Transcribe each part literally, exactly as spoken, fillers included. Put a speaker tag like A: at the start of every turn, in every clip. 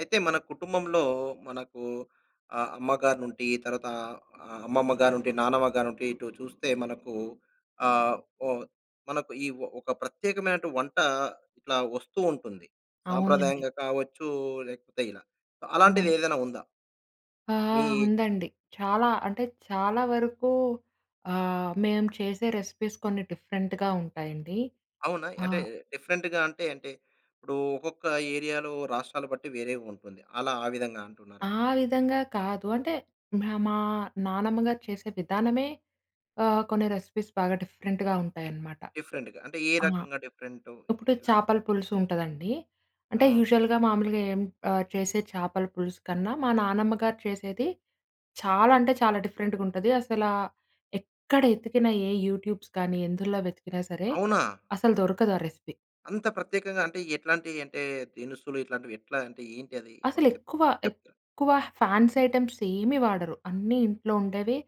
A: అయితే మన‌ కుటుంబంలో, మనకు ఆహ్, అమ్మగారి నుండి తరువాత ఆహ్, అమ్మమ్మ గానుండి, నానమ్మ గానుండి ఇటు చూస్తే మనకు ఆహ్, ఓహ్! మనకు ఇ ఒక ప్రత్యేకమైనటు వంట ఇట్లా వస్తూ ఉంటుంది.
B: అవునండి.
A: సాంప్రదాయంగా కావచ్చు, లేకపోతే ఇలా అలాంటిది
B: అవును.
A: ఏదైనా ఉందా?
B: ఆ!
A: మీ ఏజ్‌లో?
B: ఉందండి. చాలా అంటే, చాలా వరకు ఆహ్, మేము చేసే రెసిపీస్ కొన్ని డిఫరెంట్‌గా ఉంటాయండి.
A: అవునా?
B: ఆ!
A: అంటే, డిఫరెంట్‌గా అంటే, అంటే ఇప్పుడు ఒక్కొక్క ఏరియా‌లో రాష్ట్రాలు బట్టి వేరేగా ఉంటుంది. అలా ఆ విధంగా అంటున్నారా?
B: ఆ విధంగా కాదు. అంటే మ్ మా నాన్నమ్మ గారు చేసే విధానమే ఆహ్, కొన్ని రెసిపీస్ బాగా డిఫరెంట్‌గా ఉంటాయన్నమాట.
A: డిఫరెంట్‌గా అంటే ఏ
B: ఆ!
A: రకంగా డిఫరెంటు
B: ఇప్పుడు చేపల
A: ఎలాంటి‌వి?
B: పులుసు ఉంటదండి. అంటే,
A: అవును.
B: యూజువల్‌గా గమామూలుగా ఏం ఆహ్, చేసే చేపల పులుసు కన్నా, మా నానమ్మ గారు చేసేది చాలా అంటే, చాలా డిఫరెంట్‌గా ఉంటది. అసల ఎక్కడ వెతికిన, ఏ యూట్యూబ్స్ కానీ ఎందులో వెతికినా సరే,
A: అవునా!
B: అసలు దొరకదా రెసిపీ.
A: అంత ప్రత్యేకంగా అంటే, ఎట్లాంటియి అంటే, దినుసులు ఇట్లాంటివి ఎట్లా అంటే ఏంటది?
B: అసలు
A: మాకు చెప్
B: ఎక్కువ,
A: చెప్తా
B: ఎక్కువ ఫ్యాన్సీ ఐటెమ్స్ ఏమీ వాడరు. అన్నీ ఇంట్లో ఉండేవి,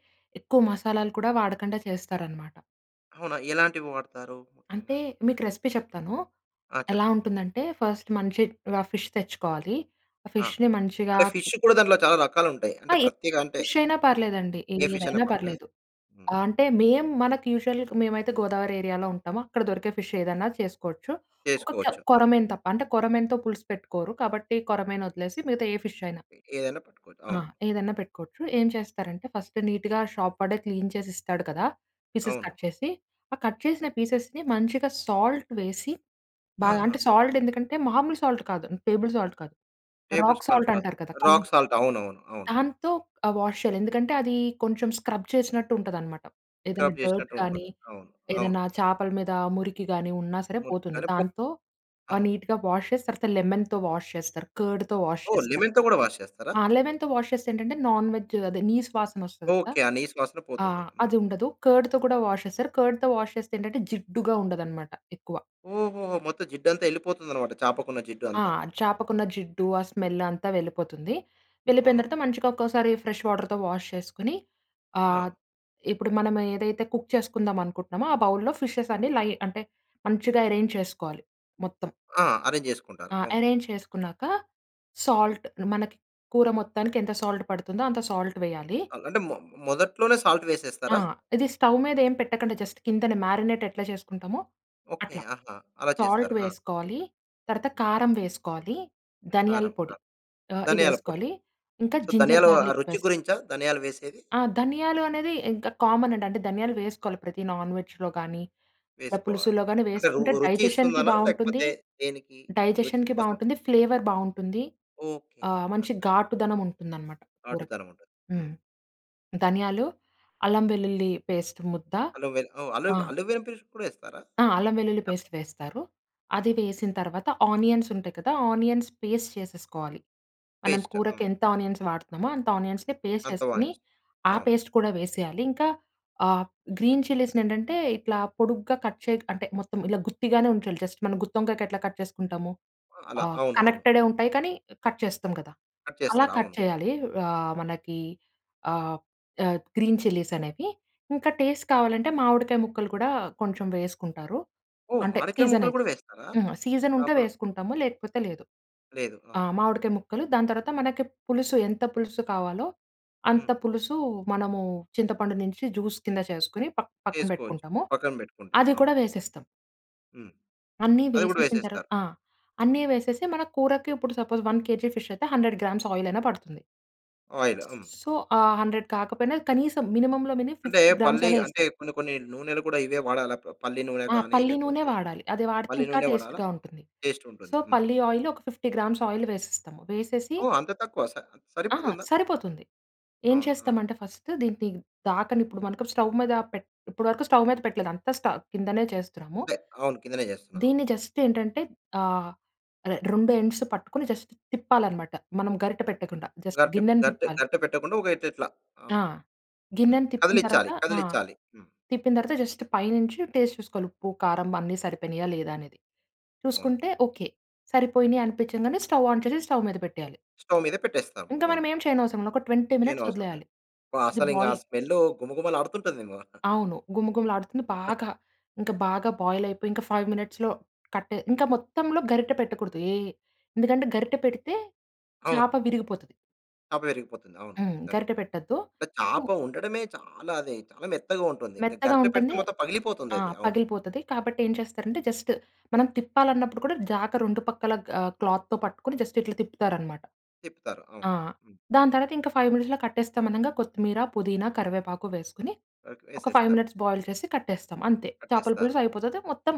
B: ఎక్కువ మసాలాలు కూడా వాడకుండా చేస్తారన్నమాట.
A: అవునా? ఎలాంటివి వాడతారు
B: అంటే
A: ముఖ్యంగా?
B: మీకు రెసిపీ చెప్తాను.
A: ఆ!
B: ఎలా
A: చెప్పండి.
B: ఉంటుందంటే, ఫస్ట్ మంచి రా ఫిష్ తెచ్చుకోవాలి. ఆ
A: ఆ!
B: ఫిష్‌ని మంచిగా
A: అంటే ఫిష్ కూడా దాంట్లో చాలా రకాలుంటాయి.
B: ఆ!
A: అంటే
B: ఏ
A: ప్రత్యేక అంటే
B: ఫిష్షయినా పర్లేదండి.
A: ఏ ఫిష్షయినా
B: ఏదైనా
A: పర్లేదా?
B: పర్లేదు.
A: హ్మ్.
B: ఆహ్, అంటే మేం మనకు యూజువల్‌గ మేమైతే గోదావరి ఏరియాలో ఉంటాము. అక్కడ దొరికే ఫిష్ ఏదైనా చేసుకోవచ్చు. ఒక కొ
A: చేసుకోవచ్చు. ఆ!
B: కొర్రమీను తప్ప. అంటే కొరమేను‌తో పులుసు పెట్టుకోరు. కాబట్టి కొర్రమీను వదిలేసి మిగతా ఏ ఫిష్షయినా.
A: ఎ ఏ అయినా పట్టుకోవచ్చు.
B: ఆ!
A: అవును.
B: ఏదైనా పెట్టుకోవచ్చు. ఏం చేస్తారంటే, ఫస్ట్ నీట్‌గా షాప్ వాడే క్లీన్ చేసిస్తాడు కదా! పీసెస్
A: అవును.
B: కట్ చేసి. ఆ కట్ చేసిన పీసెస్‌ని, మంచిగా సాల్ట్ వేసి, బాగా
A: ఆహా!
B: అంటే, సాల్ట్ ఎందుకంటే మామూలు సాల్ట్ కాదు టేబుల్ సాల్ట్ కాదు.
A: టేబుల్
B: రాక్
A: సాల్ట్
B: సాల్ట్
A: కా
B: అంటారు కదా!
A: రాక్
B: కల్లుప్పు.
A: సాల్ట్. అవునవును. అవును.
B: దాంతో ఆహ్, వాష్ చేయాలి. ఎందుకంటే అది కొంచెం స్క్రబ్ చేసినట్టుంటదన్నమాట. ఏదైనా
A: స్క్రబ్
B: డర్ట్
A: చేశినట్టు
B: గాని,
A: ఉంటుంది. అవును. అవును.
B: ఏదైనా చాపల మీద మురికి గాని ఉన్నా సరే పోతుంది.
A: మొత్తాన్ని పో
B: దాంతో ఆహ్,
A: అవును.
B: నీట్‌గా వాష్ చేసి, తర్వాత లెమన్‌తో వాష్ చేస్తారు. కర్డ్‌తో వాష్
A: ఓహ్!
B: చేస్తారు.
A: లెమన్‌తో గూడా వాష్ చేస్తారా?
B: ఆ! లెమన్‌తో వాష్ చేస్తే ఏంటంటే, నాన్ వెజ్ అదే నీస్‌ వాసన వస్తుంది కదా!
A: ఓకే. ఆ నీసు వాసన పోతుంది.
B: ఆహ్
A: హ్మ్.
B: అదుండదు. కర్డ్‌తో కూడా వాష్ చేస్తారు. కర్డ్‌తో వాష్ చేస్తే ఏంటంటే, జిడ్డుగా ఉండదన్నమాట ఎక్కువ.
A: ఓహోహో! మొత్తం జిడ్డంతా యెళ్ళిపోతుందన్నమాట. చాపకున్న జిడ్డు
B: ఆ!
A: అంతా.
B: చాపకున్న జిడ్డు, ఆ స్మెల్ అంతా వెళ్ళిపోతుంది. వెళ్ళిపోయిన తర్వాత,
A: అవునవును.
B: మంచిగా ఒక్కసారి ఫ్రెష్ వాటర్‌తో వాష్ చేసుకొని, ఆహ్,
A: ఆ!
B: ఇప్పుడు మనం ఏదైతే కుక్ చేసుకుందాం అనుకుంటున్నామో, ఆ బౌల్‌లో ఫిషెస్ అన్ని లై అంటే మంచిగా అరేంజ్ చేసుకోవాలి. మొత్తం.
A: ఆ! అరేంజ్ జేసుకుంటారు.
B: ఆ!
A: అవును.
B: అరేంజ్ చేసుకున్నాక సాల్ట్ మనకి కూర మొత్తానికి ఎంత సాల్ట్ పడుతుందో అంత సాల్ట్ వేయాలి.
A: అం అంటే, మొ మొదట్లోనే సాల్ట్
B: ఆ!
A: వేసేస్తారా?
B: ఇది స్టవ్ మీదేం పెట్టకండి. జస్ట్ కిందనే మ్యారినేట్ ఎట్లా జేసుకుంటామో
A: ఓకే.
B: అట్లా.
A: ఆహా! అలా
B: సాల్ట్
A: చేస్తారు. ఆ!
B: వేసుకోవాలి. తర్వాత కారం వేసుకోవాలి. ధనియాల
A: కారం.
B: పొడి
A: కారం.
B: ఆహ్,
A: ధనియాల పొడి.
B: ఇవేసుకోవాలి. ఇంకా
A: సో,
B: జింజర్
A: ధనియాలు ఆ
B: గార్లిక్
A: రుచి
B: పేస్
A: గురించా, ధనియాలు వేసేది?
B: ఆ! ధనియాలు అనేది ఇంక కామన్ అండి. అంటే ధనియాలు వేసుకోవాలి. ప్రతి నాన్‌వెజ్‌లో గానీ, ఇలా
A: వేసుకోవాలి.
B: పులుసులో గాని
A: అంటే, రు
B: వేసుకుంటే
A: రుచి
B: డైజెషన్‌కి
A: ఇస్తుందన?
B: బావుంటుంది
A: లేకపోతే దేనికి? రుచి
B: డైజెషన్‌కి
A: కోసం.
B: బాగుంటుంది. ఫ్లేవర్ బావుంటుంది.
A: ఓకే.
B: ఆహ్, మంచి
A: అంటారు.
B: ఘాటుదనం ఉంటుందన్నమాట, కూరకి.
A: గాటుతనం ఉంటుంది.
B: హ్మ్.
A: హ్మ్.
B: ధనియాలు, అల్లం వెల్లుల్లి పేస్ట్ ముద్ద.
A: అల్లం వెల్లు ఓహ్! అల్లం
B: ఆ!
A: అల్లం వెల్లుల్లి పేస్ట్ కూడా యేస్తారా?
B: ఆ! అల్లం వెల్లుల్లి పేస్ట్ వేస్తారు.
A: హ్మ్.
B: అది వేసిన తర్వాత, ఆనియన్స్ ఉంటయి కదా! ఆనియన్స్ పేస్ట్ చేసేసుకోవాలి. మనం
A: పేస్ట్. ఆహ్,
B: కూరకి
A: హ్మ్.
B: ఎంత ఆనియన్స్ వాడుతున్నామో అంత ఆనియన్స్‌ని పేస్ట్
A: అంతా బానే
B: చేసుకొని,
A: యెస్
B: ఆ
A: అవును.
B: పేస్ట్ కూడా వేసేయాలి. ఇంకా ఆహ్, గ్రీన్ చిల్లీస్‌ని ఏంటంటే ఇట్లా పొడుగ్గా కట్ చే అంటే మొత్తం ఇలా గుత్తిగానే ఉంచాలి. జస్ట్ మనం గుత్తొంకాయకి ఎట్లా కట్ చేసుకుంటాము
A: అలా.
B: ఆ!
A: అవును. అవును.
B: కనెక్టెడే ఉంటాయి. కానీ, కట్ చేస్తాం కదా!
A: కట్
B: అలా
A: చేస్తారు.
B: కట్
A: అవును.
B: చేయాలి. ఆహ్, మనకి ఆహ్, ఆహ్, గ్రీన్ చిల్లీస్ అనేవి. ఇంకా టేస్ట్ కావాలంటే, మామిడికాయ ముక్కలు కూడా కొంచెం వేసుకుంటారు.
A: ఓహ్!
B: అంటే
A: మాడి కాయ
B: సీజన్
A: ముక్కలు
B: అయితే.
A: గూడా వేస్తారా?
B: ఆ! సీజన్ ఉంటే
A: చాపలో
B: వేసుకుంటాము. లేకపోతే లేదు.
A: లేదు. ఆ!
B: ఆ! మామిడికాయ ముక్కలు, దాని తర్వాత మనకి పులుసు ఎంత పులుసు కావాలో, అంత
A: హ్మ్.
B: పులుసు మనము చింతపండు నుంచి జ్యూస్ కింద చేసుకొని, ప పక్కన
A: వేసుకోవచ్చు.
B: పెట్టుకుంటాము.
A: పక్కన పెట్టుకుంటాం.
B: అది కూడా
A: అవును.
B: వేసేస్తాం.
A: హ్మ్.
B: అన్నీ
A: అది కూడా
B: వేసేసిన తర్వాత
A: వేసేస్తారు.
B: ఆ! అన్నీ
A: హ్మ్.
B: వేసేసి మన కూరకి ఇప్పుడు సపోజ్ వన్ కేజీ ఫిష్ అయితే హండ్రెడ్ గ్రామ్స్ ఆయిల్ అయినా పడుతుంది.
A: ఆయిల్ హ్మ్.
B: సో, ఆ హండ్రెడ్ కాకపోయినా కనీసం మినిమమ్‌లో మినిమం
A: అంటే
B: ఫిఫ్టీ గ్రామ్స్
A: పల్లి
B: అయినా
A: అంటే
B: వేస్తాం.
A: కొన్ని, కొన్ని నూనెలు కూడా ఇవే వాడాల? ప పల్లి నూనె
B: ఆ
A: గాని
B: పల్లి నూనే
A: లేపోతే,
B: వాడాలి. అది వాడితే
A: పల్లి
B: ఇంకా
A: నూనె వాడాలా?
B: టేస్ట్‌గా ఉంటుంది.
A: టేస్ట్
B: సో,
A: ఉంటుంది. హ్మ్.
B: పల్లి ఆయిల్ ఒక ఫిఫ్టీ గ్రామ్స్ ఆయిల్ వేసేస్తాము. వేసేసి
A: ఓహ్! అంత తక్కువ స
B: ఆ!
A: సరిపోతుందా?
B: సరిపోతుంది. ఏం
A: అవునా?
B: చేస్తామంటే ఫస్ట్ దీన్ని ది దాకనిప్పుడు స్టవ్ మీద పెట్ ఇప్పటి వరకు స్టవ్ మీద పెట్టలేదు అంత స్ట కిందనే చేస్తున్నాము.
A: అంటే, అవును కిందనే చేస్తున్నా. అవును.
B: దీన్ని జస్ట్ ఏంటంటే ఆహ్, రెండు ఎండ్స్ పట్టుకొని జస్ట్ తిప్పాలన్నమాట. మనం గరిట పెట్టకుండా జస్ట్
A: గరిట
B: గిన్నెని
A: గరిట
B: తిప్పాలి.
A: గరిట పెట్టకుండా ఊక ఇట్లిట్లా.
B: ఆ!
A: అవును. హ్మ్.
B: గిన్నెను తిప్పిన తరువాత
A: కదిలిచ్చాలి,
B: ఆ!
A: కదిలిచ్చాలి. హ్మ్.
B: తిప్పిన తరువాత జస్ట్ పైనుంచి టేస్ట్ చూసుకోవాలి. ఉప్పు, కారం అన్ని సరిపోయినాయా లేదా అనేది.
A: అవును.
B: చూసుకుంటే ఓకే. సరిపోయిని అనిపించగానే స్టవ్ ఆన్ చేసి స్టవ్ మీద పెట్టేయాలి.
A: స్టవ్ మీద పెట్టేస్తాం.
B: ఇంకా మనం
A: అవును.
B: ఏమి చేయనవసరం లేదు. ఒక ట్వెంటీ మినిట్స్
A: ఏయనవసరం లేదు.
B: వదిలేయాలి.
A: అబ్బా!
B: ఇది
A: అసలింగ ఆ
B: బాయిల్
A: స్మెల్లు గుమగుమలాడుతుంటదేమో.
B: అవును గుమగుమలాడుతుంది బాగా. ఇంకా బాగా బాయిల్ అయిపోయి, ఇంకా ఫైవ్ మినిట్స్‌లో కట్ ఇంకా మొత్తంలో గరిట పెట్టకూడదు. ఏ ఎందుకంటే గరిట పెడితే చాప
A: అవునవును.
B: విరిగిపోతది.
A: చాప విరిగిపోతుంది. అవును,
B: హ్మ్.
A: నిజంగా.
B: గరిట పెట్టొద్దు.
A: అంటే
B: ఉ
A: చాప ఉండడమే చాలా అది చాలా మెత్తగా ఉంటుంది. ఇంక
B: మెత్తగా
A: గరిట పెడితే
B: ఉంటంది
A: మొత్తం
B: ఆ!
A: పగిలిపోతుందది. అవును.
B: పగిలిపోతది. కాబట్టి ఏం చేస్తారంటే జస్ట్ మనం తిప్పాలన్నప్పుడు కూడా జాక రెండు పక్కల ఆహ్, క్లాత్‌తో పట్టుకొని జస్ట్ ఇట్లా తిప్పుతారన్నమాట.
A: తిప్పుతారు. అవును.
B: ఆ!
A: హ్మ్.
B: దాని తర్వాత ఇంకా ఫైవ్ మినిట్స్‌లో కట్టేస్తాం అనంగా కొత్తిమీర, పుదీనా, కరివేపాకు వేసుకొని
A: ఓకే.
B: ఒక ఫైవ్
A: వేసేస్తారు.
B: మినిట్స్ బాయిల్ చేసి కట్టేస్తాం అంతే. చేపల
A: పట్టిస్తారు.
B: పులుసు అయిపోతది. మొత్తం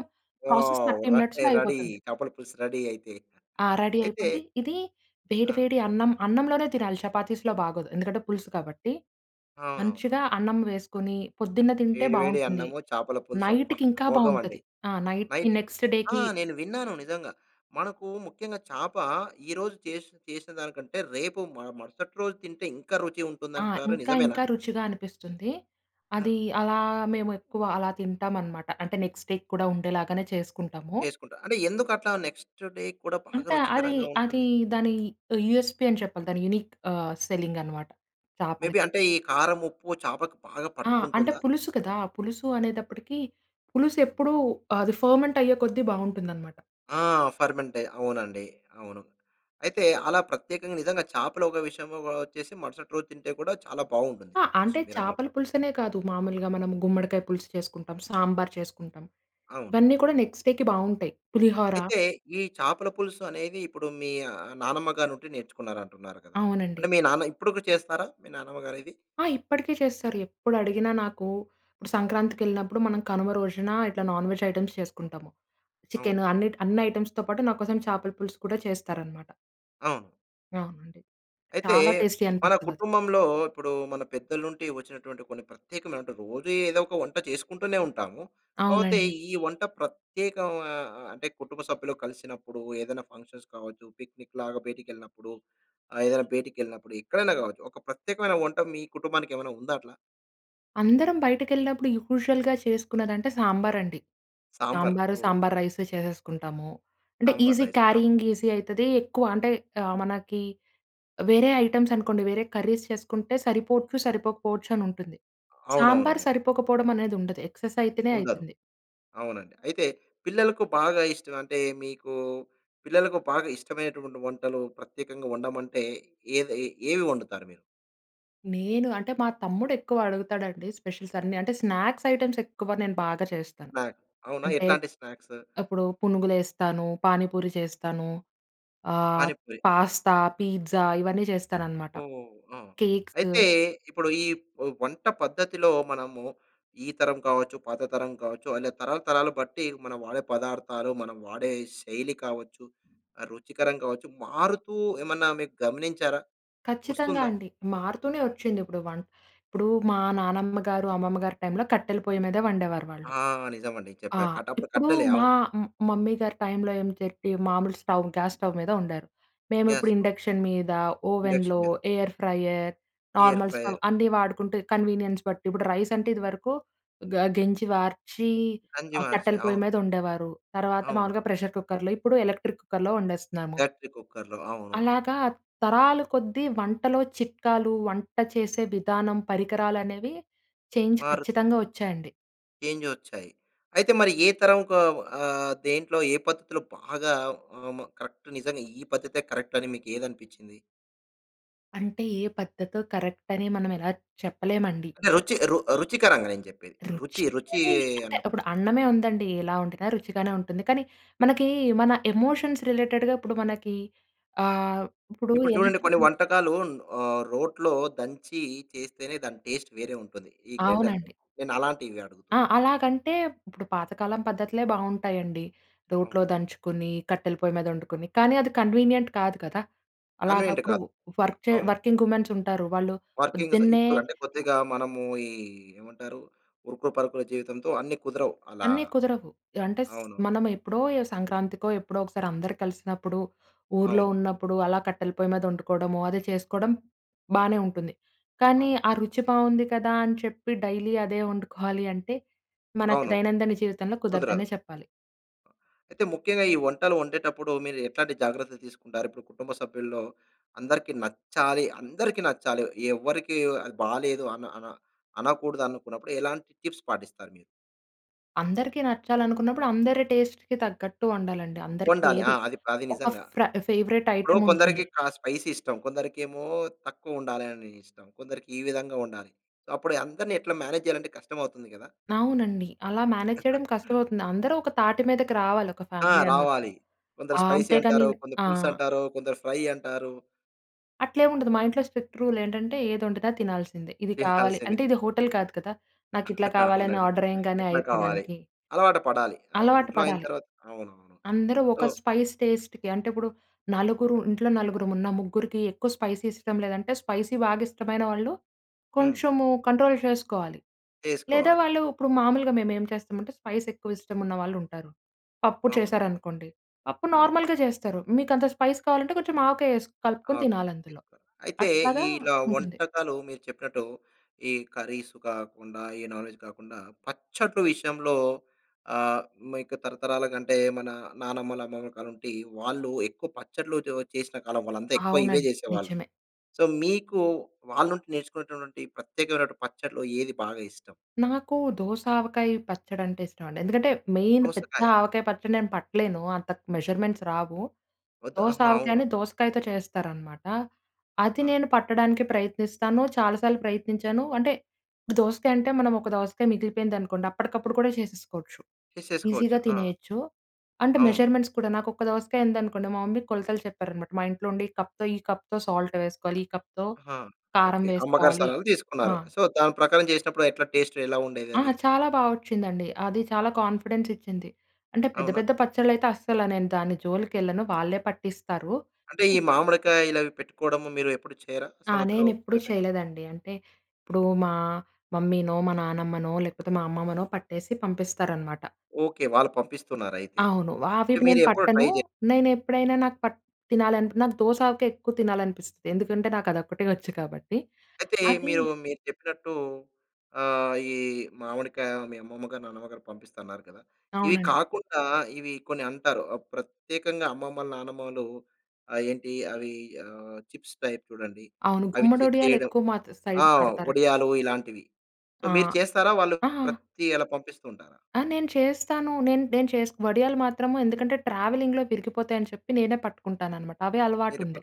B: ప్రాసెస్
A: వావ్!
B: థర్టీ మినిట్స్‌లో
A: రెడీ రెడీ.
B: అయిపోతుంది.
A: చేపల పులుసు రెడీ అయితే.
B: ఆ! రెడీ
A: అయితే
B: అయిపోద్ది. ఇది వేడి
A: ఆ!
B: వేడి అన్నం, అన్నంలోనే తినాలి. చపాతీస్‌లో బాగోదు. ఎందుకంటే పులుసు కాబట్టి.
A: అవునవునవును.
B: మంచిగా అన్నం వేసుకొని పొద్దున్న తింటే
A: వేడి వేడి
B: బాగుంటుంది.
A: అన్నము, చేపల పులుసు అబ్బా!
B: నైట్‌కి ఇంకా
A: అమోఘమండి.
B: బాగుంటది. ఆ నైట్‌,
A: నైట్‌కి.
B: నెక్స్ట్
A: ఆ
B: డేకి
A: నేను విన్నాను నిజంగా. మనకు ముఖ్యంగా చాప ఈరోజు చేసి చేసిన దానికంటే రేపు మ మరుసటి రోజు తింటే ఇంకా రుచి
B: ఆ!
A: ఉంటుందంటారు
B: ఇంకా
A: నిజమేనా?
B: ఇంకా రుచిగా అనిపిస్తుంది.
A: ఆ!
B: అది అలా మేము ఎక్కువ అలా తింటామన్నమాట. అంటే నెక్స్ట్ డేకి కూడా ఉండేలాగానే చేసుకుంటాము.
A: చేసుకుంటారు. అంటే ఎందుకట్లా? నెక్స్ట్ డే కూడా బాగా
B: అంటే అది,
A: రుచికరంగా
B: అది
A: ఉంటుంది?
B: దాని యూఎస్‌పి అని చెప్పాలి. దాని యూనిక్ ఆహ్, సెల్లింగ్ అన్నమాట చాపల
A: మేబి అంటే ఈ కారం, ఉప్పు చేపకు బాగా
B: ఆ! అంటే
A: పట్టుకుంటుందా?
B: పులుసు కదా! పులుసు అనేటప్పటికి పులుసు ఎప్పుడు అది ఫర్మెంట్ అయ్యే కొద్ది బాగుంటుందన్నమాట.
A: ఆ! ఫర్మెంటయి అవునండి. అవును. అయితే అలా ప్రత్యేకంగా నిజంగా చేపలు, ఒక విషయంగా వచ్చేసి మరుసటి రోజు తింటే కూడా చాలా బాగుంటుంది.
B: ఆ!
A: టేస్ట్
B: అంటే చేపల
A: మీరన్నట్టు.
B: పులుసనే కాదు. మామూలుగా మనం గుమ్మడికాయ పులుసు చేసుకుంటాం. సాంబార్ చేసుకుంటాం.
A: అవును.
B: ఇవన్నీ కూడా
A: హ్మ్.
B: నెక్స్ట్ డేకి బాగుంటాయి. పులిహోర
A: అయితే ఈ చాపల పులుసు అనేది ఇప్పుడు మీ నానమ్మ గారినుండి నేర్చుకున్నారంటున్నారు కదా!
B: అవునండి.
A: అంటే మీ నాన్న ఇప్పటికి చేస్తారా మీ నానమ్మ గారిది?
B: ఆ! ఇప్పటికే చేస్తారు. ఎప్పుడు అడిగినా నాకు, ఇప్పుడు సంక్రాంతికెళ్ళినప్పుడు మనం కనుమ రోజున ఇట్లా నాన్ వెజ్ ఐటెమ్స్ చేసుకుంటాము.
A: అవును.
B: చికెన్ అన్ని, అన్ని ఐటెమ్స్‌తో పాటు నాకోసం చేపల పులుసు కూడా చేస్తారన్నమాట.
A: అవును.
B: అవునండి.
A: అయితే
B: చాలా టేస్టీ
A: మన
B: అనిపిస్తదది.
A: కుటుంబంలో ఇప్పుడు మన పెద్దల నుంటి వచ్చినటువంటి కొన్ని ప్రత్యేకమైనటు రోజూ ఏదో ఒక వంట చేసుకుంటూనే ఉంటాము. కాపోతే
B: అవునండి.
A: ఈ వంట ప్రత్యేకా ఆహ్, అంటే కుటుంబ సభ్యులు కలిసినప్పుడు, ఏదైనా ఫంక్షన్స్ కావచ్చు. పిక్నిక్ లాగా బయటకెళ్ళినప్పుడు! ఆహ్, ఏదైనా బయటకెళ్ళినప్పుడు ఎక్కడైనా గావచ్చు. ఒక ప్రత్యేకమైన వంట మీ కుటుంబానికి ఏమైనా ఉందా అట్లా.
B: అందరం బయటకెళ్ళినప్పుడు యూజువల్‌గా చేసుకునేదంటే సాంబార్ అండి.
A: సాంబార్.
B: సాంబారు,
A: ఓహ్!
B: సాంబార్ రైస్ చేసేసుకుంటాము. అంటే
A: సాంబార్
B: ఈజీ
A: రైస్. ఆ!
B: క్యారీయింగ్ ఈజీ అ‌యితది ఎక్కువ అంటే ఆహ్, మనకి వేరే ఐటెమ్స్ అనుకోండి వేరే కర్రీస్ చేసుకుంటే సరిపోవచ్చు, సరిపోకపోవచ్చు అని ఉంటుంది. సాంబార్
A: అవునవునవును.
B: సరిపోకపోవడం అనేది ఉండదు ఎక్స్‌ఎస్ అయితేనే
A: ఉండదు.
B: అ‌యితుంది.
A: అవునండి. అయితే పిల్లలకు బాగా ఇష్టం. అంటే మీకు పిల్లలకు బాగా ఇష్టమైన‌టువంటి వంటలు ప్రత్యేకంగా వండమంటే ఏ‌ది ఏవి వండుతారు మీరు?
B: నేను అంటే మా తమ్ముడు ఎక్కువ అడుగుతాడండి స్పెషల్స్ అన్నీ అంటే స్నాక్స్ ఐటెమ్స్ ఎక్కువ నేను బాగా చేస్తాను.
A: స్నాక్. అవునా!
B: అంటే,
A: ఎట్లాంటి స్నాక్స్?
B: అప్పుడు పునుగులేస్తాను. పాని పూరి చేస్తాను. అహ్,
A: పాని పూరి. హా!
B: పాస్తా, పిజ్జా ఇవన్నీ చేస్తానన్నమాట.
A: ఓహ్! ఆ!
B: కేక్స్.
A: అయితే ఇప్పుడు ఈ వ్ వంట పద్ధతిలో మనము ఈ తరం కావచ్చు, పాత తరం కావచ్చు. అలా తరాలు తరాలు బట్టి మనం వాడే పదార్థాలు మనం వాడే శైలి కావచ్చు, ఆహ్, రుచికరం కావచ్చు, మారుతూ ఏమన్నా మీకు గమనించారా?
B: ఖచ్చితంగా
A: వస్తుందా?
B: అండి. మారుతూనే వచ్చింది. ఇప్పుడు వం ఇప్పుడు మా నానమ్మ గారు, అమ్మమ్మ గారి టైమ్‌లో కట్టెల పొయ్యి మీద వండేవారు
A: ఆ!
B: వాళ్ళు.
A: నిజం అండి
B: ఆ!
A: చెప్పారు. కట అప్పుడు
B: ఇప్పుడు
A: కట్టెలే!
B: మా
A: అవును.
B: మ్ మమ్మీ గారి టైమ్‌లో ఏం చెరిపి, మామూలు స్టవ్, గ్యాస్ స్టవ్ మీద వండారు. మేము
A: గ్యాస్.
B: ఇప్పుడు ఇండక్షన్ మీద
A: ఇండక్షన్
B: ఓవెన్‌లో,
A: మీద.
B: Air fryer,
A: air
B: normal stove
A: fryer.
B: అన్నీ వాడుకుంటే కన్వీనియన్స్ బట్టి ఇప్పుడు రైస్ అంటే ఇదివరకు గ గెంజి వార్చి
A: గంజి
B: ఆహ్,
A: వార్చి
B: కట్టెల పొయ్యి
A: అవును.
B: మీద వండేవారు. తర్వాత
A: అవును.
B: మామూలుగా ప్రెషర్ కుక్కర్‌లో ఇప్పుడు ఎలక్ట్రిక్ కుక్కర్‌లో వండేస్తున్నాము.
A: బ్యాటరీ కుక్కర్‌లో అవును.
B: అలాగా తరాల కొద్దీ వంటలో చిట్కాలు వంట చేసే విధానం పరికరాలు అనేవి చేంజ్
A: మారు
B: ఖచ్చితంగా వచ్చాయండి.
A: చేంజ్ వచ్చాయి. అయితే మరి ఏ తరంకు ఆహ్, దేంట్లో ఏ పద్ధతిలో బాగా ఆ మ కరెక్ట్ నిజంగా ఈ పద్ధతే కరెక్ట్ అని మీకు ఏది అనిపిచింది?
B: అంటే ఏ పద్ధతో కరెక్ట్ అని మనం ఇలా చెప్పలేమండి.
A: అంటే రుచి, రు రుచికరంగా నేను చెప్పేది.
B: రుచి
A: రుచి, రుచీ
B: అని అంటే,
A: అన్నప్పుడు
B: ఇప్పుడు అన్నమే ఉందండి. ఎలా వండినా రుచిగానే ఉంటుంది. కానీ మనకి మన ఎమోషన్స్ రిలేటెడ్‌‌గా ఇప్పుడు మనకి ఆహ్, ఇప్పుడు
A: ఇప్పుడు
B: ఎలా
A: చూడండి. కొన్ని
B: చెప్పండి?
A: వంటకాలు ఆహ్, రోట్లో దంచి చేస్తేనే దాని టేస్ట్ వేరే ఉంటుంది. ఈ గ్రైండర్
B: అవునండి.
A: కన్నా. నేను అలాంటివి
B: ఆ!
A: అడుగుతున్నాను.
B: అలాగంటే, ఇప్పుడు పాతకాలం పద్ధతులే బావుంటాయి అండి. రోట్లో
A: అవును.
B: దంచుకొని, కట్టెల పొయ్యి మీద వండుకొని, కానీ అది కన్వీనియంట్ కాదు కదా!
A: కన్వీనియంట్
B: అలాగప్పుడు
A: కాదు.
B: వర్క్‌ చే
A: అవును.
B: వర్కింగ్ వుమెన్స్ ఉంటారు. వాళ్ళు
A: వర్కింగ్స్
B: పొద్దున్నే
A: ఇప్పుడు అంటే, కొద్దిగా మనము ఈ ఏమంటారు, ఉరుకు పరుకుల జీవితంతో అన్ని కుదరవు. అలా
B: అన్నీ కుదరవు. అంటే స్
A: అవును.
B: మనం ఎప్పుడో ఎ సంక్రాంతికో, ఎప్పుడో ఒకసారి అందరూ కలిసినప్పుడు, ఊర్లో
A: అవును.
B: ఉన్నప్పుడు అలా కట్టెల పొయ్యి మీద వండుకోవడము అదే చేసుకోవడం బానే ఉంటుంది. కానీ
A: అవును.
B: ఆ రుచి బావుంది కదా అని చెప్పి డైలీ అదే వండుకోవాలి అంటే మనకి
A: అవును.
B: దైనందిన జీవితంలో
A: కుదరదు.
B: కుదరదనే చెప్పాలి.
A: అయితే ముఖ్యంగా ఈ వంటలు వండేటప్పుడు మీరు ఎట్లాంటి జాగ్రత్తలు తీసుకుంటారు? ఇప్పుడు కుటుంబ సభ్యుల్లో అందరికి నచ్చాలి, అందరికి నచ్చాలి ఎవరికీ అది బాలేదు అన అన అనకూడదు అనుకున్నప్పుడు ఎలాంటి టిప్స్ పాటిస్తారు మీరు?
B: అందరికి నచ్చాలనుకున్నప్పుడు, అందరి టేస్ట్‌కి తగ్గట్టు వండాలండి. అందరికి
A: వండాలి. ఆ!
B: ఏది
A: అది అది
B: ఒక
A: నిజంగా.
B: ఫ్ర ఫేవరైట్
A: ఇప్పుడు
B: ఐటెమ్
A: కొందరికి
B: ఉంటుంది.
A: క స్పైసీ ఇష్టం. కొందరికేమో తక్కువ ఉండాలి అని ఇష్టం. కొందరికి ఈ విధంగా ఉండాలి. సొ అప్పుడు అందరిని ఎట్లా మేనేజ్ చేయాలంటే కష్టం అవుతుంది గదా!
B: అవునండి. అలా మేనేజ్ చేయడం కష్టమవుతుంది. అందరూ ఒక తాటి మీదకి రావాలి, ఒక
A: ఆ!
B: ఫ్యామిలీ అన్నప్పుడు.
A: రావాలి. కొందరు
B: ఆహ్,
A: స్పైసీ
B: అంతేగాని
A: అంటారు. కొందరు
B: ఆ!
A: పులుసు అంటారు. కొందరు ఫ్రై అంటారు.
B: అట్లేమి ఉండదు. మా ఇంట్లో స్పెక్ట్ రూల్ ఏంటంటే, ఏది ఒండితే అది తినాల్సిందే. ఇది కావాలి
A: తినాల్సింది.
B: అంటే, ఇది హోటల్ కాదు కదా! నాకు ఇట్లా కావాలి అని
A: అవునండి.
B: ఆర్డర్ ఎయ్యంగానే
A: ఎట్లా కావాలి.
B: అయిపోవడానికి.
A: అలవాటు పడాలి. అవును.
B: అలవాటు
A: ఇంట్లో అయిన
B: పడాలి.
A: తర్వాత. అవునవును.
B: అందరూ
A: సో
B: ఒక స్పైస్ టేస్ట్‌కి అంటే, ఇప్పుడు నలుగురు ఇంట్లో నలుగురం ఉన్నాం. ముగ్గురికి ఎక్కువ స్పైసీ ఇష్టం లేదంటే, స్పైసీ బాగా ఇష్టమైన వాళ్ళు
A: హ్మ్.
B: కొంచెము కంట్రోల్ చేసుకోవాలి. లేదా
A: చేసుకోవాలి.
B: వాళ్ళు ఇప్పుడు మామూలుగా మేమేం చేస్తామంటే, స్పైస్ ఎక్కువ ఇష్టం ఉన్న వాళ్ళు ఉంటారు. పప్పు
A: అవును.
B: చేశారనుకోండి. పప్పు
A: అవును.
B: నార్మల్‌గా చేస్తారు. మీకు అంత స్పైస్ కావాలంటే, కొంచెం ఆవకాయ ఎసి కలుపుకొని
A: ఓకే.
B: తినాలి అందులో.
A: చేస్కోవాలి. అయితే
B: అట్లాగా
A: ఇలా
B: ఉంటుంది.
A: వంటకాలు మీరు చెప్పినట్టు ఈ కర్రీస్ కాకుండా, ఈ నాన్ వేజ్ కాకుండా, పచ్చడ్లు విషయంలో ఆహ్, మీకు తరతరాలుగా అంటే, మన నానమ్మలు అమ్మమ్మలు కాలం నుండి వాళ్ళు ఎక్కువ పచ్చడ్లు ఉ చేసిన కాలం వాళ్ళు అంతా ఎక్కువ ఇవే
B: అవునండి.
A: చేసేవాళ్ళు.
B: నిజమే.
A: సో, మీకు వాళ్ళ నుంచి నేర్చుకున్నటువంటి ప్రత్యేకమైనటువంటి పచ్చడ్లు ఏది బాగా ఇష్టం?
B: నాకు దోస ఆవకాయ పచ్చడి అంటే ఇష్టం అండి. ఎందుకంటే మెయిన్ పెద్ద
A: దోసకాయ.
B: ఆవకాయ పచ్చడి నేను పట్టలేను. అంత మెజర్మెంట్స్ రావు.
A: వద్దు.
B: దోస
A: ఆహా! అవును.
B: ఆవకాయని దోసకాయతో చేస్తారనమాట. అది
A: ఆహా!
B: నేను పట్టడానికి ప్రయత్నిస్తాను. చాలాసార్లు ప్రయత్నించాను. అంటే దోసకాయ అంటే, మనం ఒక దోసకాయ మిగిలిపోయిందనుకోండి. అప్పటికప్పుడు కూడా చేసేసుకోవచ్చు. ఈజీగా
A: చేసేసుకోవచ్చు. ఆ!
B: తినేయొచ్చు. అంటే
A: అవును.
B: మెజర్మెంట్స్ కూడా నాకు ఒక దోసకాయ ఉందనుకోండి. మా మమ్మీ కొలతలు చెప్పారనమాట. మా ఇంట్లో ఉండే ఈ కప్‌తో, ఈ కప్‌తో సాల్ట్ వేసుకోవాలి, ఈ కప్‌తో
A: ఆహా!
B: కారం
A: ఓకే. అమ్మగారి
B: వేసుకోవాలి.
A: సాలహాలు
B: ఆ!
A: తీసుకున్నారు. సో, దాని ప్రకారం చేసినప్పుడు ఎట్లా టేస్ట్ ఎలా ఉండేది
B: ఆ!
A: అది?
B: చాలా బాగా ఒచ్చిందండి. అది చాలా కాన్ఫిడెన్స్ ఇచ్చింది. అంటే పెద్ద,
A: అవునా?
B: పెద్ద పచ్చళ్ళు అయితే అస్సల నేను దాని జోలికెళ్ళను, వాళ్ళే పట్టిస్తారు.
A: అంటే, ఈ మామిడికాయలు అవి పెట్టుకోవడం మీరు ఎప్పుడు చేయర?
B: ఆ!
A: సంవత్సరానికి
B: నేనెప్పుడూ
A: ఒకసారి మీరు?
B: చేయలేదండి. అంటే ఇప్పుడు
A: ఆ!
B: మా మమ్మీనో, మా నానమ్మనో, లేకపోతే మా అమ్మమ్మనో, పట్టేసి పంపిస్తారనమాట.
A: ఓకే. వాళ్ళు పంపిస్తున్నారు అయితే.
B: అవును. అవివి
A: మీరు
B: నేను
A: ఎప్పుడు ట్రై
B: పట్టను.
A: జేయ్
B: నేను ఎప్పుడైనా నాకు పట్ తినాలం నాకు దోస ఆవకాయ ఎక్కువ తినాలనిపిస్తది. ఎందుకంటే నాకు అదొక్కటే ఒచ్చు కాబట్టి.
A: అయితే
B: అది
A: మీరు, మీరు చెప్పినట్టు ఆహ్, ఈ మామిడికాయ మీ అమ్మమ్మగారు, నాన్నమ్మగారు పంపిస్తారన్నారు కదా! ఇవి
B: అవునండి.
A: కాకుండా ఇవి కొన్ని అంటారు. ఆహ్, ప్రత్యేకంగా అమ్మమ్మలు నానమ్మలు ఆహ్, ఏంటి అవి ఆహ్, చిప్స్ టైప్ చూడండి.
B: అవును.
A: అవి చే
B: గుమ్మడొడియాలు
A: చేయడం.
B: ఎక్కువ మాత్
A: ఆ!
B: సైడ్ పేడతారండి.
A: వడియాలు ఇలాంటివి. సొ,
B: ఆ!
A: మీరు చేస్తారా? వాళ్ళు
B: ఆ!
A: ప్రతీ అలా పంపిస్తుంటారా?
B: ఆ! నేను చేస్తాను. నేను, నేను చేస్ వడియాలు మాత్రము ఎందుకంటే, ట్రావెలింగ్‌లో విరిగిపోతాయి అని చెప్పి, నేనే పట్టుకుంటాననమాట. అవే అలవాటు
A: మీరు ఎపుడన్
B: ఉంది.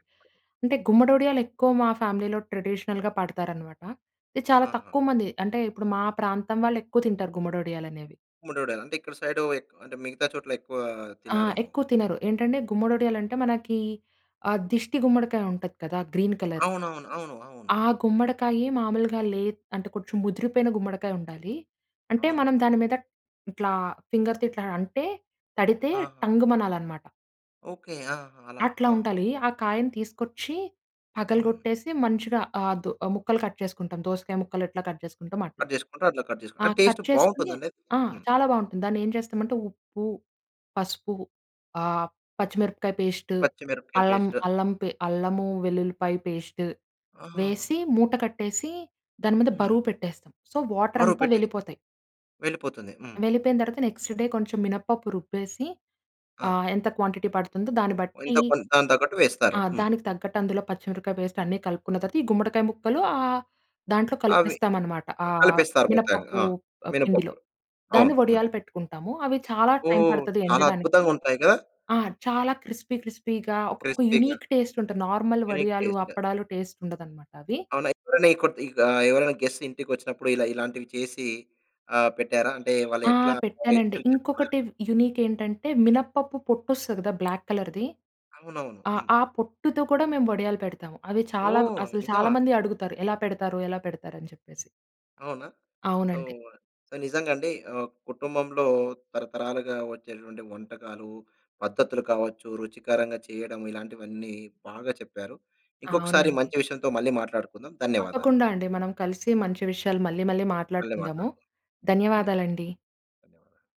B: అంటే గుమ్మడొడియాలు ఎక్కువ మా ఫ్యామిలీలో ట్రెడిషనల్‌గా పడతారన్నమాట. ఇది చాలా
A: ఆహా!
B: తక్కువ మంది అంటే, ఇప్పుడు మా ప్రాంతం వాళ్ళు ఎక్కువ తింటారు గుమ్మడొడియాలు అనేవి.
A: గుమ్మడి వడియాలు. అంటే ఇక్కడ సైడు ఎక్ అంటే, మిగతా చోట్ల ఎక్కువ
B: ఆ!
A: తిన్నారేమో!
B: ఎక్కువ తినరు ఏంటంటే, గుమ్మడి వడియాలు అంటే, మనకీ ఆ దిష్టి గుమ్మడికాయుంటది కదా! Green colour.
A: అవునవును. అవును. అవును.
B: ఆ గుమ్మడికాయి మాములుగా లెద్ అంటే, కొంచెం ముదిరిపోయిన గుమ్మడికాయుండాలీ. అంటే,
A: అవును.
B: మనం
A: హ్మ్.
B: దాని మీద ఇట్లా ఫింగర్‌తో ఇట్లా అంటే, తడితే
A: హా!
B: టంగ్‌మనాలన్నమాట.
A: ఓకె. ఆ! అలా
B: అట్లా
A: ఆ!
B: ఉండాలి. ఆ కాయను తీసుకొచ్చి,
A: హ్మ్.
B: పగలగొట్టేసి మంచిగా ఆహ్, దొ ముక్కలు కట్ చేసుకుంటాం. దోసకాయ ముక్కలెట్లా కట్ చేసుకుంటామో అట్ల.
A: కట్ చేసుకుంటా, అట్లా కట్
B: ఆ!
A: చేసుకుంట టేస్ట్
B: కట్ చేసుకొని
A: బాగుంటదండి?
B: ఆ!
A: హ్మ్.
B: చాలా బాగుంటుంది. దాన్ని ఏం చేస్తామంటే ఉప్పు, పసుపు ఆహ్, పచ్చిమిరపకాయ పేస్టు,
A: పచ్చిమిరపకాయలు
B: అల్లం
A: పేస్టు.
B: అల్లం అల్లము, వెల్లుల్లిపాయ పేస్టు
A: ఆహా!
B: వేసి మూట కట్టేసీ, దాని మీద
A: హ్మ్.
B: బరువు పెట్టేస్తాం. సో, వాటర్
A: బరువు
B: అంతా
A: పెట్టేసికుని
B: వెళ్ళిపోతాయి...
A: వెళ్ళిపోతుంది. హ్మ్.
B: వెళ్ళిపోయిన తరువాత నెక్స్ట్ డే కొంచెం మినప పప్పు రుబ్బేసి
A: ఆ!
B: ఆహ్, ఎంత క్వాంటిటీ పడుతుందో దాన్ని బట్టీ
A: ఇంత కొంత, దానికి తగ్గట్టు
B: ఆ!
A: వేస్తారు. హ్మ్.
B: దానికి తగ్గట్టు అందులో పచ్చిమిరపకాయ పేస్ట్ అన్ని కలుపుకున్న తరువాత ఈ గుమ్మడికాయ ముక్కలు ఆహ్, దాంట్లో
A: అవి
B: కలిపేస్తామన్నమాట.
A: క
B: ఆహ్,
A: కలిపిస్తారు మొత్తానికి.
B: మినపప్పు
A: ఆ!
B: పిండిలో.
A: మినపపప్పును
B: దాన్ని
A: అవును. హ్మ్.
B: వడియాలు పెట్టుకుంటాము. అవి చాలా టైమ్
A: ఓహ్!
B: పడతది
A: చాలా
B: ఎండడానికి.
A: అద్భుతంగా ఉంటాయిగా.
B: ఆ! చాలా క్రిస్పీ క్రిస్పీగా, ఒక
A: క్రిస్పీగా!
B: యూనిక్ టేస్ట్ ఉంటది. నార్మల్
A: యూనిక్
B: వడియాలు,
A: టేస్టు.
B: అప్పడాలు టేస్ట్ ఉండదన్నమాట అవి.
A: అవునా! ఎప్పుడైనా ఈ కొ [unintelligible] గా ఎవరైనా గెస్ట్స్ ఇంటికొచ్చినప్పుడు ఇలా ఇలాంటివి చేసి ఆహ్, పెట్టారా అంటే వాళ్ళు
B: ఆ!
A: ఎట్లా?
B: పెట్టానండి.
A: [unintelligible]
B: ఇంకొకటి యూనిక్ ఏంటంటే, మినపప్పు పొట్టొస్తదిగా బ్లాక్ కలర్‌ది.
A: అవునవును.
B: అ!
A: హ్మ్.
B: ఆ పొట్టుతో కూడా మేము వడియాలు పెడతాము. అవి చాలా
A: ఓహ్!
B: అసలు
A: నిజమా!
B: చాలా మందడుగుతారు. 'ఎలా పెడతారు? ఎలా పెడతారు?" అని చెప్పేసి.
A: అవునా! సో,
B: అవునండి.
A: సో, నిజంగా అండి. ఆహ్, కుటుంబంలో తరతరాలుగా వచ్చేటువంటి వంటకాలు, పద్ధతులు కావచ్చు, రుచికరంగా చేయడం ఇలాంటివన్నీ బాగా చెప్పారు. ఇంకొకసారి
B: అవునండి.
A: మంచి విషయంతో మళ్ళీ మాట్లాడుకుందాం. ధన్యవాదాలు.
B: తప్పకుండా అండి. మనం కలిసి మంచి విషయాలు మళ్ళీ, మళ్ళీ
A: మళ్ళీ
B: మాట్లాడుకుందాము.
A: మాట్లాడుకుందాం. ధన్యవాదాలు.
B: ధన్యవాదాలండి.
A: ధన్యవాదాలు.